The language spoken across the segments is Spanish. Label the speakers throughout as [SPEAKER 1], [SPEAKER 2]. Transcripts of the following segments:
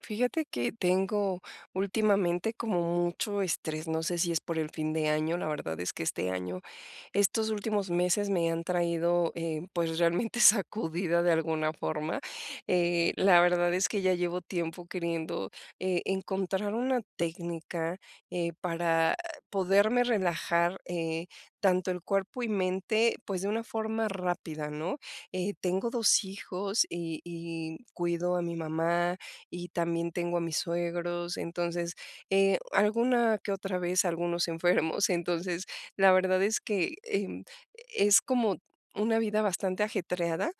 [SPEAKER 1] Fíjate que tengo últimamente como mucho estrés, no sé si es por el fin de año, la verdad es que este año estos últimos meses me han traído, eh, pues, realmente sacudida de alguna forma, eh, la verdad es que ya llevo tiempo queriendo, eh, encontrar una técnica, eh, para poderme relajar, eh, tanto el cuerpo y mente, pues, de una forma rápida, ¿no?, eh, tengo 2 hijos y y cuido a mi mamá, y también tengo a mis suegros, entonces, eh, alguna que otra vez, algunos enfermos, entonces, la verdad es que, eh, es como una vida bastante ajetreada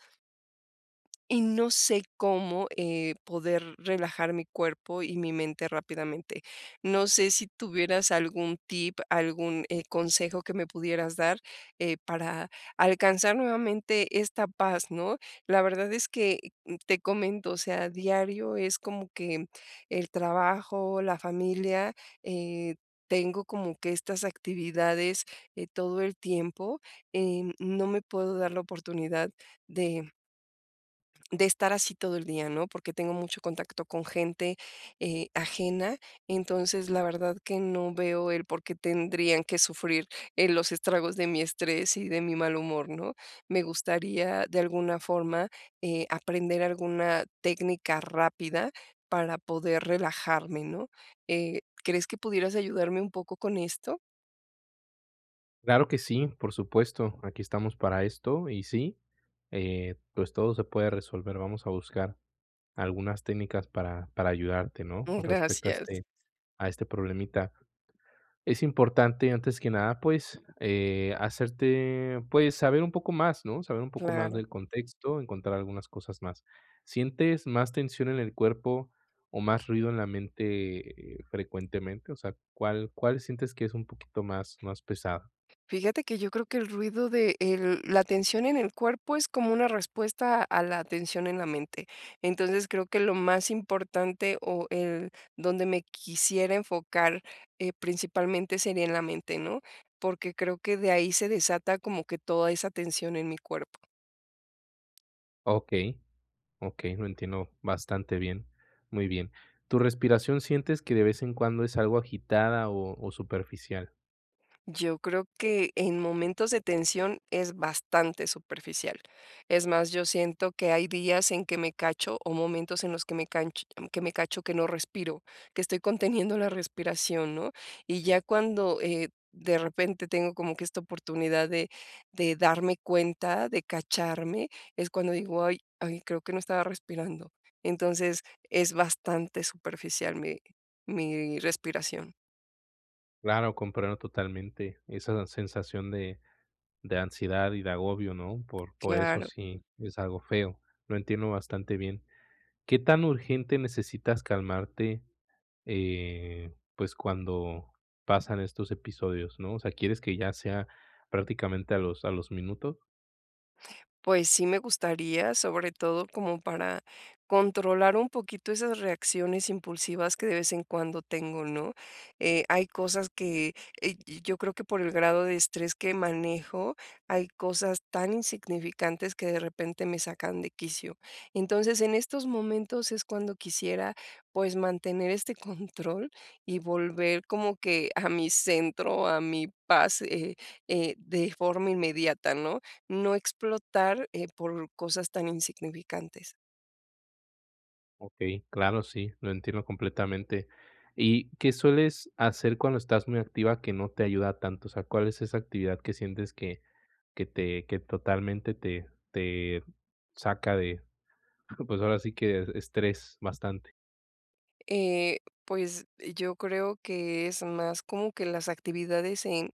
[SPEAKER 1] y no sé cómo, eh, poder relajar mi cuerpo y mi mente rápidamente, no sé si tuvieras algún tip, algún, eh, consejo que me pudieras dar, eh, para alcanzar nuevamente esta paz, ¿no?, la verdad es que, te comento, o sea, diario es como que el trabajo, la familia, eh, tengo como que estas actividades, eh, todo el tiempo, eh, no me puedo dar la oportunidad de, mm de estar así todo el día, ¿no?, porque tengo mucho contacto con gente, eh, ajena, entonces, la verdad que no veo el por qué tendrían que sufrir, eh, los estragos de mi estrés y de mi mal humor, ¿no?, me gustaría, de alguna forma, eh, aprender alguna técnica rápida para poder relajarme, ¿no?, eh, ¿crees que pudieras ayudarme un poco con esto?
[SPEAKER 2] Claro que sí, por supuesto, aquí estamos para esto y sí, eh, pues, todo se puede resolver, vamos a buscar algunas técnicas para para ayudarte, ¿no?,
[SPEAKER 1] Oh,
[SPEAKER 2] con respecto a
[SPEAKER 1] gracias.
[SPEAKER 2] este a este problemita, es importante, antes que nada, pues, eh, hacerte, pues, saber un poco más, ¿no?, saber un poco más
[SPEAKER 1] Claro.
[SPEAKER 2] del contexto, encontrar algunas cosas más, ¿sientes más tensión en el cuerpo o más ruido en la mente, eh, frecuentemente?, o sea, ¿cuál cuál sientes que es un poquito más más pesado?
[SPEAKER 1] Fíjate que yo creo que el ruido de el la atención en el cuerpo es como una respuesta a la atención en la mente, entonces, creo que lo más importante, o el donde me quisiera enfocar, eh, principalmente sería en la mente, ¿no?, porque creo que de ahí se desata como que toda esa tensión en mi cuerpo.
[SPEAKER 2] Okey, okey, lo entiendo bastante bien, muy bien, ¿tu respiración sientes que de vez en cuando es algo agitada o o superficial?
[SPEAKER 1] Yo creo que en momentos de tensión es bastante superficial, es más, yo siento que hay días en que me cacho, o momentos en los que me canch que me cacho, que no respiro, que estoy conteniendo la respiración, ¿no?, y ya cuando, eh, de repente tengo como que esta oportunidad de de darme cuenta, de cacharme, es cuando digo: "Ay ay, creo que no estaba respirando", entonces, es bastante superficial mi mi respiración.
[SPEAKER 2] Claro, comprendo totalmente esa sensación de de ansiedad y de agobio, ¿no?, por por eso
[SPEAKER 1] Claro.
[SPEAKER 2] sí, es algo feo, lo entiendo bastante bien, ¿qué tan urgente necesitas calmarte?, eh, pues, cuando pasan estos episodios, ¿no?, o sea, ¿quieres que ya sea prácticamente a los a los minutos?
[SPEAKER 1] Pues, sí me gustaría, sobre todo como para controlar un poquito esas reacciones impulsivas que de vez en cuando tengo, ¿no?, eh, hay cosas que eh, yo yo creo que por el grado de estrés que manejo, hay cosas tan insignificantes que de repente me sacan de quicio. Entonces, en estos momentos es cuando quisiera, pues, mantener este control y volver como que a mi centro, a mi paz, eh, eh, de forma inmediata, ¿no?, no explotar, eh, por cosas tan insignificantes.
[SPEAKER 2] Okey, claro, sí, lo entiendo completamente, ¿y qué sueles hacer cuando estás muy activa que no te ayuda tanto?, o sea, ¿cuál es esa actividad que sientes que que te que totalmente te te saca de, pues, ahora sí, que estrés bastante.
[SPEAKER 1] Eh, pues, yo creo que, es más como que las actividades en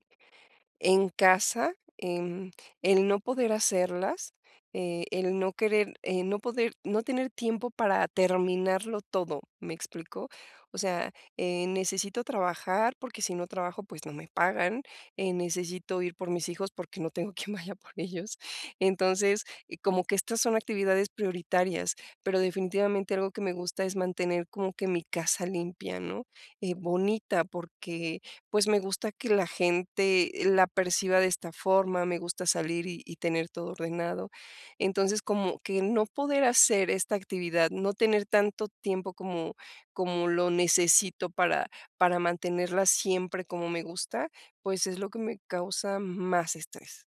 [SPEAKER 1] en casa, em, el no poder hacerlas, eh, el no querer eh, no poder no tener tiempo para terminarlo todo, ¿me explico?, o sea, eh, necesito trabajar, porque si no trabajo, pues, no me pagan, eh, necesito ir por mis hijos, porque no tengo quien vaya por ellos, entonces, como que estas son actividades prioritarias, pero definitivamente algo que me gusta es mantener como que mi casa limpia, ¿no?, y bonita, porque, pues, me gusta que la gente la perciba de esta forma, me gusta salir y y tener todo ordenado, entonces, como que no poder hacer esta actividad, no tener tanto tiempo como, como lo necesito para, para mantenerla siempre como me gusta, pues es lo que me causa más estrés.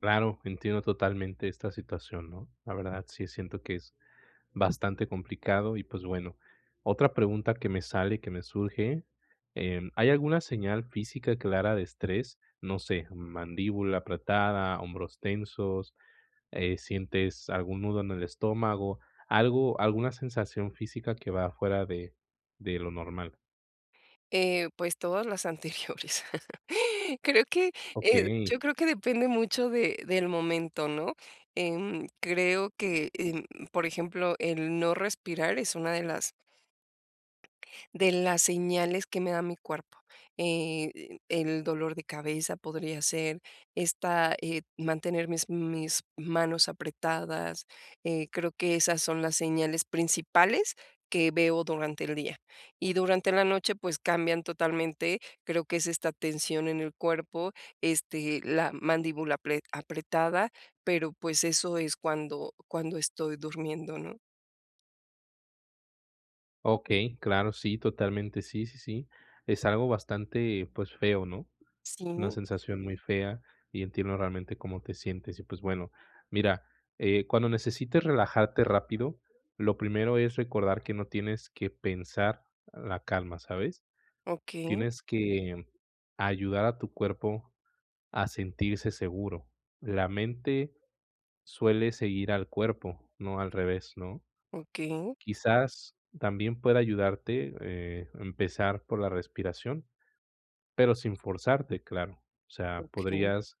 [SPEAKER 2] Claro, entiendo totalmente esta situación, ¿no? La verdad, sí siento que es bastante complicado y, pues, bueno. Otra pregunta que me sale, que me surge, eh, ¿hay alguna señal física clara de estrés? No sé, mandíbula apretada, hombros tensos, eh, sientes algún nudo en el estómago, algo, alguna sensación física que va fuera de de lo normal.
[SPEAKER 1] Eh, pues todas las anteriores, creo que, eh,
[SPEAKER 2] Okey.
[SPEAKER 1] yo creo que depende mucho de del momento, ¿no? Em, creo que eh, por ejemplo el no respirar es una de las de las señales que me da mi cuerpo, eh, el dolor de cabeza podría ser esta eh, mantener mis mis manos apretadas, eh, creo que esas son las señales principales que veo durante el día. Y durante la noche, pues cambian totalmente, creo que es esta tensión en el cuerpo, este, la mandíbula apre apretada, pero, pues eso es cuando cuando estoy durmiendo, ¿no?
[SPEAKER 2] Okey, claro, sí, totalmente, sí, sí, sí, es algo bastante, pues, feo, ¿no?, es una
[SPEAKER 1] Sí.
[SPEAKER 2] sensación muy fea y entiendo realmente cómo te sientes, y pues bueno, mira, cuando necesites relajarte rápido, lo primero es recordar que no tienes que pensar la calma, ¿sabes?,
[SPEAKER 1] Okey.
[SPEAKER 2] tienes que ayudar a tu cuerpo a sentirse seguro, la mente suele seguir al cuerpo, no al revés, ¿no?,
[SPEAKER 1] Okey.
[SPEAKER 2] quizás también pueda ayudarte, eh, empezar por la respiración, pero sin forzarte, claro, o sea,
[SPEAKER 1] Okey.
[SPEAKER 2] podrías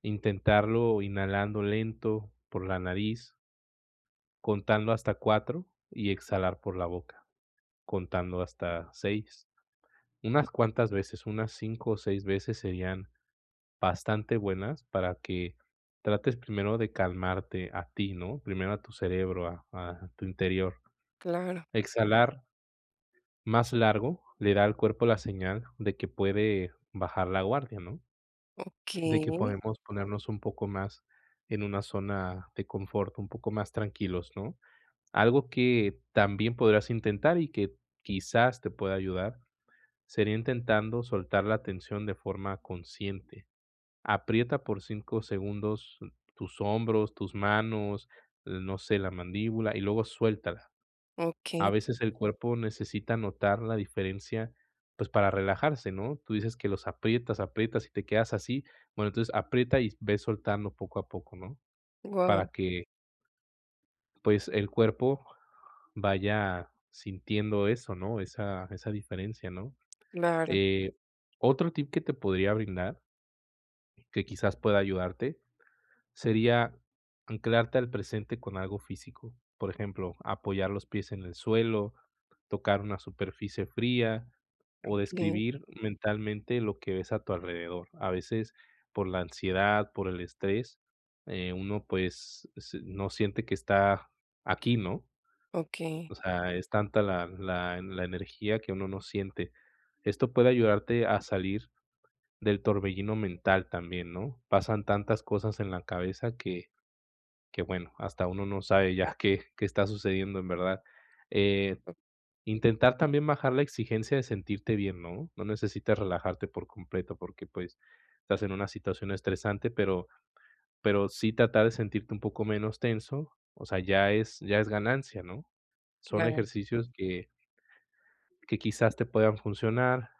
[SPEAKER 2] intentarlo inhalando lento por la nariz contando hasta 4 y exhalar por la boca, contando hasta 6, unas cuantas veces, unas 5 o 6 veces serían bastante buenas, para que trates primero de calmarte a ti, ¿no?, primero a tu cerebro, a a tu interior,
[SPEAKER 1] Claro.
[SPEAKER 2] exhalar más largo, le da al cuerpo la señal de que puede bajar la guardia, ¿no?, de que
[SPEAKER 1] Okey.
[SPEAKER 2] podemos ponernos un poco más en una zona de confort, un poco más tranquilos, ¿no?, algo que también podrás intentar y que, quizás, te pueda ayudar, sería intentando soltar la tensión de forma consciente, aprieta por 5 segundos tus hombros, tus manos, no sé, la mandíbula y luego suéltala, a
[SPEAKER 1] Okey.
[SPEAKER 2] veces el cuerpo necesita notar la diferencia pues para relajarse, ¿no?, tú dices que los aprietas, aprietas y te quedas así, bueno, entonces, aprieta y ves soltando poco a poco, ¿no?, para
[SPEAKER 1] Guau.
[SPEAKER 2] que pues, el cuerpo vaya sintiendo eso, ¿no?, esa esa diferencia, ¿no?,
[SPEAKER 1] Claro.
[SPEAKER 2] eh, otro tip que te podría brindar, que quizás pueda ayudarte, sería anclarte al presente con algo físico, por ejemplo, apoyar los pies en el suelo, tocar una superficie fría o
[SPEAKER 1] Okey.
[SPEAKER 2] describir mentalmente lo que ves a tu alrededor, a veces, por la ansiedad, por el estrés, eh, uno, pues, ese no siente que está aquí, ¿no?,
[SPEAKER 1] Okey.
[SPEAKER 2] o sea, es tanta la la la energía que uno no siente, esto puede ayudarte a salir del torbellino mental también, ¿no?, pasan tantas cosas en la cabeza que que, bueno, hasta uno no sabe ya qué qué está sucediendo en verdad, eh,
[SPEAKER 1] Oh.
[SPEAKER 2] intentar también bajar la exigencia de sentirte bien, ¿no?, no necesitas relajarte por completo porque, pues, estás en una situación estresante, pero pero sí tratar de sentirte un poco menos tenso, o sea, ya es ya es ganancia, ¿no?, son
[SPEAKER 1] Claro.
[SPEAKER 2] ejercicios que que quizás te puedan funcionar,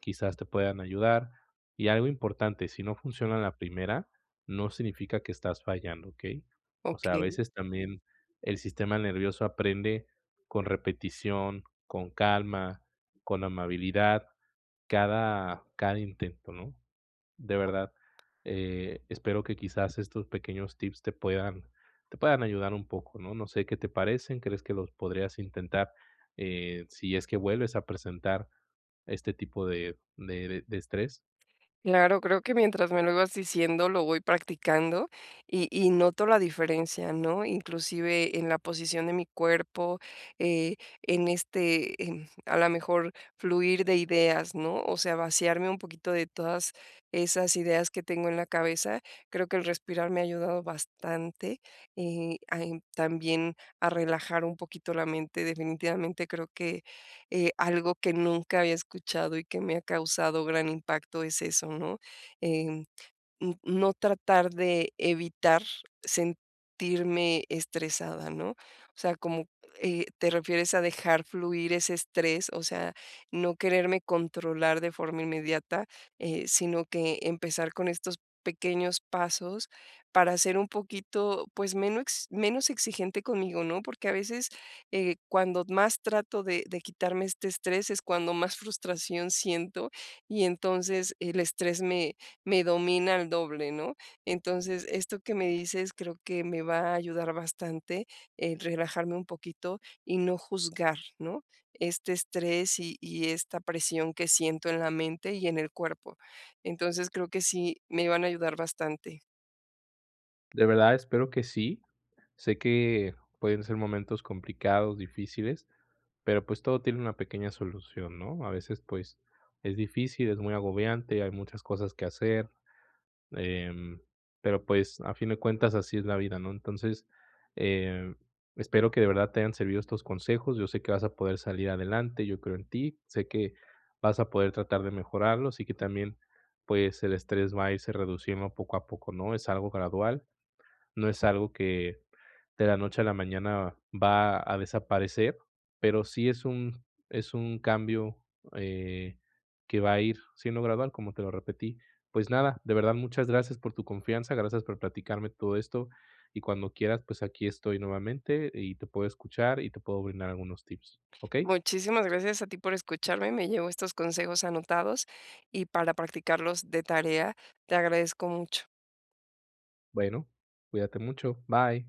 [SPEAKER 2] quizás te puedan ayudar, y algo importante, si no funciona la primera, no significa que estás fallando, ¿okey?, o sea, a
[SPEAKER 1] Okey.
[SPEAKER 2] veces también el sistema nervioso aprende con repetición, con calma, con amabilidad, cada cada intento, ¿no?, de
[SPEAKER 1] Oh.
[SPEAKER 2] verdad, eh, espero que quizás estos pequeños tips te puedan te puedan ayudar un poco, ¿no?, no sé qué te parecen, ¿crees que los podrías intentar, eh, si es que vuelves a presentar este tipo de de de estrés?
[SPEAKER 1] Claro, creo que mientras me lo ibas diciendo, lo voy practicando, y y noto la diferencia, ¿no?, inclusive, en la posición de mi cuerpo, eh, en este, eh, en a la mejor, fluir de ideas, ¿no?, o sea, vaciarme un poquito de todas esas ideas que tengo en la cabeza, creo que el respirar me ha ayudado bastante, eh, a, en también a relajar un poquito la mente, definitivamente creo que, eh, algo que nunca había escuchado y que me ha causado gran impacto es eso, ¿no?, eh, mm, no tratar de evitar sentirme estresada, ¿no?, o sea, como, eh, te refieres a dejar fluir ese estrés, o sea, no quererme controlar de forma inmediata, eh, sino que empezar con estos pequeños pasos para ser un poquito, pues, menos menos exigente conmigo, ¿no?, porque a veces, eh, cuando más trato de de quitarme este estrés, es cuando más frustración siento, y entonces, el estrés me me domina al doble. ¿no?, entonces, esto que me dices creo que me va a ayudar bastante, eh, relajarme un poquito y no juzgar, ¿no?, este estrés y y esta presión que siento en la mente y en el cuerpo, entonces, creo que sí, me van a ayudar bastante.
[SPEAKER 2] De verdad, espero que sí, sé que pueden ser momentos complicados, difíciles, pero, pues, todo tiene una pequeña solución, ¿no?, a veces, pues, es difícil, es muy agobiante, hay muchas cosas que hacer, em, pero, pues, a fin de cuentas, así es la vida, ¿no?, entonces, em, espero que de verdad te hayan servido estos consejos, yo sé que vas a poder salir adelante, yo creo en ti, sé que vas a poder tratar de mejorarlo, y que también, pues, el estrés va a irse reduciendo poco a poco, ¿no?, es algo gradual, no es algo que de la noche a la mañana va a desaparecer, pero sí es un es un cambio, eh, que va a ir siendo gradual, como te lo repetí. Pues, nada, de verdad, muchas gracias por tu confianza, gracias por platicarme todo esto, y cuando quieras, pues, aquí estoy nuevamente y te puedo escuchar y te puedo brindar algunos tips, ¿okey?
[SPEAKER 1] Muchísimas gracias a ti por escucharme, me llevo estos consejos anotados y para practicarlos de tarea, te agradezco mucho.
[SPEAKER 2] Bueno, cuídate mucho, bye.